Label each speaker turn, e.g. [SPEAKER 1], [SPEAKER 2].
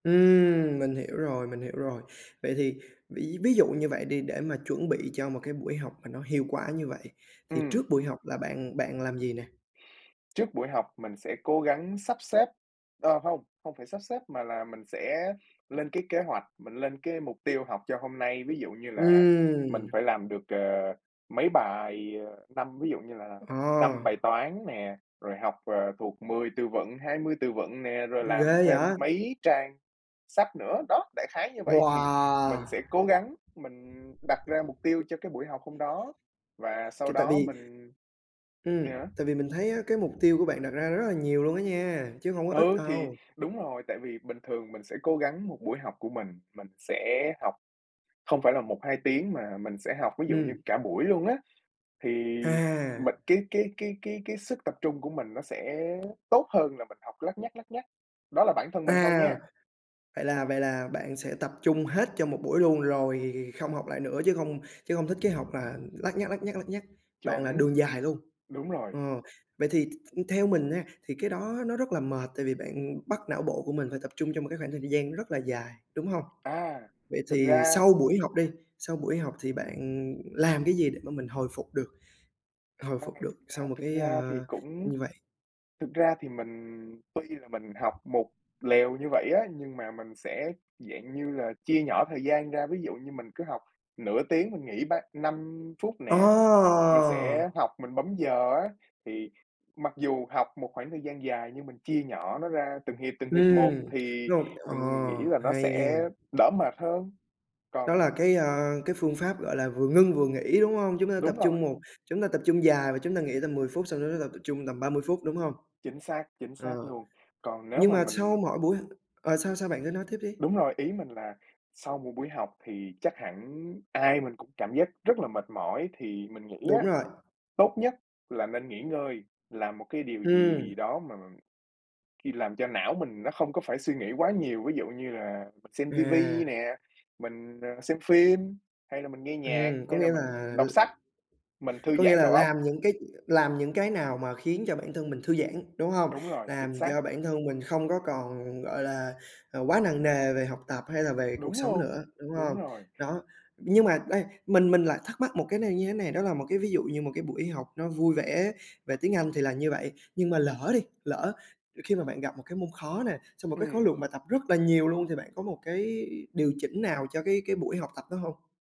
[SPEAKER 1] Ừm, mình hiểu rồi, mình hiểu rồi. Vậy thì ví ví dụ như vậy đi để mà chuẩn bị cho một cái buổi học mà nó hiệu quả như vậy, thì trước
[SPEAKER 2] Ừm.
[SPEAKER 1] buổi học là bạn bạn làm gì nè?
[SPEAKER 2] Trước buổi học mình sẽ cố gắng sắp xếp ờ, hông, hông phải sắp xếp mà là mình sẽ lên cái kế hoạch, mình lên cái mục tiêu học cho hôm nay. Ví dụ như là
[SPEAKER 1] Ừm.
[SPEAKER 2] mình phải làm được, ờ, mấy bài, ờ, năm ví dụ như là
[SPEAKER 1] Ờ.
[SPEAKER 2] 5 bài toán nè, rồi học, ờ, thuộc 10 từ vựng, 20 từ vựng nè, rồi
[SPEAKER 1] Ghê
[SPEAKER 2] làm thêm
[SPEAKER 1] vậy!
[SPEAKER 2] mấy trang sách nữa. Đó, đại khái như vậy thì
[SPEAKER 1] Wow!
[SPEAKER 2] mình sẽ cố gắng mình đặt ra mục tiêu cho cái buổi học hôm đó và
[SPEAKER 1] C
[SPEAKER 2] sau
[SPEAKER 1] tại
[SPEAKER 2] đó
[SPEAKER 1] vì
[SPEAKER 2] mình
[SPEAKER 1] ừm,
[SPEAKER 2] yeah.
[SPEAKER 1] tại vì mình thấy á cái mục tiêu của bạn đặt ra rất là nhiều luôn á nha, chứ hông có ít
[SPEAKER 2] Ừ, thì
[SPEAKER 1] đâu.
[SPEAKER 2] đúng rồi. Tại vì bình thường mình sẽ cố gắng một buổi học của mình, mình sẽ học không phải là 1, 2 tiếng mà mình sẽ học ví dụ như
[SPEAKER 1] Ừm.
[SPEAKER 2] cả buổi luôn á, thì mình
[SPEAKER 1] À!
[SPEAKER 2] cái cái cái cái cái sức tập trung của mình nó sẽ tốt hơn là mình học lắt nhắt, lắt nhắt. Đó là bản thân mình thôi
[SPEAKER 1] À!
[SPEAKER 2] nha.
[SPEAKER 1] Vậy là vậy là bạn sẽ tập trung hết cho một buổi luôn lồi không học lại nữa, chứ hông chứ hông thích cái học là lắt nhắt, lắt nhắt, lắt nhắt, bạn là
[SPEAKER 2] Chuẩn.
[SPEAKER 1] đường dài luôn.
[SPEAKER 2] Đúng rồi.
[SPEAKER 1] Ờ, vậy thì th th theo mình nha, thì cái đó nó rất là mệt, tại vì bạn bắt não bộ của mình phải tập trung trong một cái khoảng thời gian rất là dài, đúng hông?
[SPEAKER 2] À,
[SPEAKER 1] Vậy
[SPEAKER 2] thực
[SPEAKER 1] thì
[SPEAKER 2] ra
[SPEAKER 1] sau buổi học đi, sau buổi học thì bạn, ừm, làm cái gì để mà mình hồi phục được, hồi
[SPEAKER 2] Ra
[SPEAKER 1] phục được
[SPEAKER 2] thực ra
[SPEAKER 1] sau một
[SPEAKER 2] thực
[SPEAKER 1] cái,
[SPEAKER 2] ra thì
[SPEAKER 1] ơ,
[SPEAKER 2] cũng
[SPEAKER 1] như vậy?
[SPEAKER 2] thực ra thì mình tuy là mình học một lèo như vậy á, nhưng mà mình sẽ, dạng như là, chia nhỏ thời gian ra, ví dụ như mình cứ học nửa tiếng mình nghỉ ba năm phút
[SPEAKER 1] Ồ!
[SPEAKER 2] nè, mình sẽ học mình bấm giờ á. Thì mặc dù học một khoảng thời gian dài nhưng mình chia nhỏ nó ra từng hiệp, từng hiệp một
[SPEAKER 1] Ừm,
[SPEAKER 2] thì
[SPEAKER 1] rồi ờ,
[SPEAKER 2] mình nghĩ là nó
[SPEAKER 1] hay nha.
[SPEAKER 2] sẽ đỡ mệt hơn.
[SPEAKER 1] Đó là
[SPEAKER 2] Còn
[SPEAKER 1] cái, à, cái phương pháp, gọi là, vừa ngưng vừa nghỉ, đúng hông? Chúng ta tập
[SPEAKER 2] Đúng
[SPEAKER 1] trung
[SPEAKER 2] rồi.
[SPEAKER 1] một chúng ta tập trung dài và chúng ta nghỉ tầm 10 phút xong chúng ta tập tập trung tầm 30 phút, đúng hông?
[SPEAKER 2] Chính xác, chính xác
[SPEAKER 1] Ờ.
[SPEAKER 2] luôn. Còn nếu
[SPEAKER 1] Nhưng
[SPEAKER 2] mà
[SPEAKER 1] mà sau
[SPEAKER 2] mình
[SPEAKER 1] mỗi buổi h ờ, sao sao? Bạn cứ nói tiếp đi!
[SPEAKER 2] Đúng rồi. Ý mình là sau một buổi học thì chắc hẳn ai mình cũng cảm giác rất là mệt mỏi thì mình nghĩ
[SPEAKER 1] Đúng
[SPEAKER 2] á,
[SPEAKER 1] rồi.
[SPEAKER 2] tốt nhất là nên nghỉ ngơi, làm một cái điều
[SPEAKER 1] Ừm.
[SPEAKER 2] gì đó mà khi làm cho não mình nó không có phải suy nghĩ quá nhiều, ví dụ như là mình xem ti
[SPEAKER 1] À.
[SPEAKER 2] vi nè, mình, ờ, xem phim hay là mình nghe nhạc,
[SPEAKER 1] Ừm, có
[SPEAKER 2] hay là
[SPEAKER 1] nghĩa
[SPEAKER 2] mình
[SPEAKER 1] là l
[SPEAKER 2] đọc sách, mình thư
[SPEAKER 1] có nghĩa
[SPEAKER 2] giãn
[SPEAKER 1] là
[SPEAKER 2] đầu óc.
[SPEAKER 1] làm những cái làm những cái nào mà khiến cho bản thân mình thư giãn, đúng hông?
[SPEAKER 2] Đúng rồi, chính
[SPEAKER 1] Làm
[SPEAKER 2] xác.
[SPEAKER 1] cho bản thân mình không có còn, gọi là, ờ, quá nặng nề về học tập hay là về cuộc
[SPEAKER 2] Đúng
[SPEAKER 1] sống
[SPEAKER 2] luôn,
[SPEAKER 1] nữa, đúng
[SPEAKER 2] đúng
[SPEAKER 1] hông?
[SPEAKER 2] rồi.
[SPEAKER 1] Đó, nhưng mà đây, mình mình lại thắc mắc một cái này như thế này, đó là một cái ví dụ như một cái buổi học nó vui vẻ về tiếng Anh thì là như vậy, nhưng mà lỡ đi, lỡ khi mà bạn gặp một cái môn khó nè, xong một cái khối
[SPEAKER 2] Ừm.
[SPEAKER 1] lượng bài tập rất là nhiều luôn thì bạn có một cái điều chỉnh nào cho cái cái buổi học tập đó hông?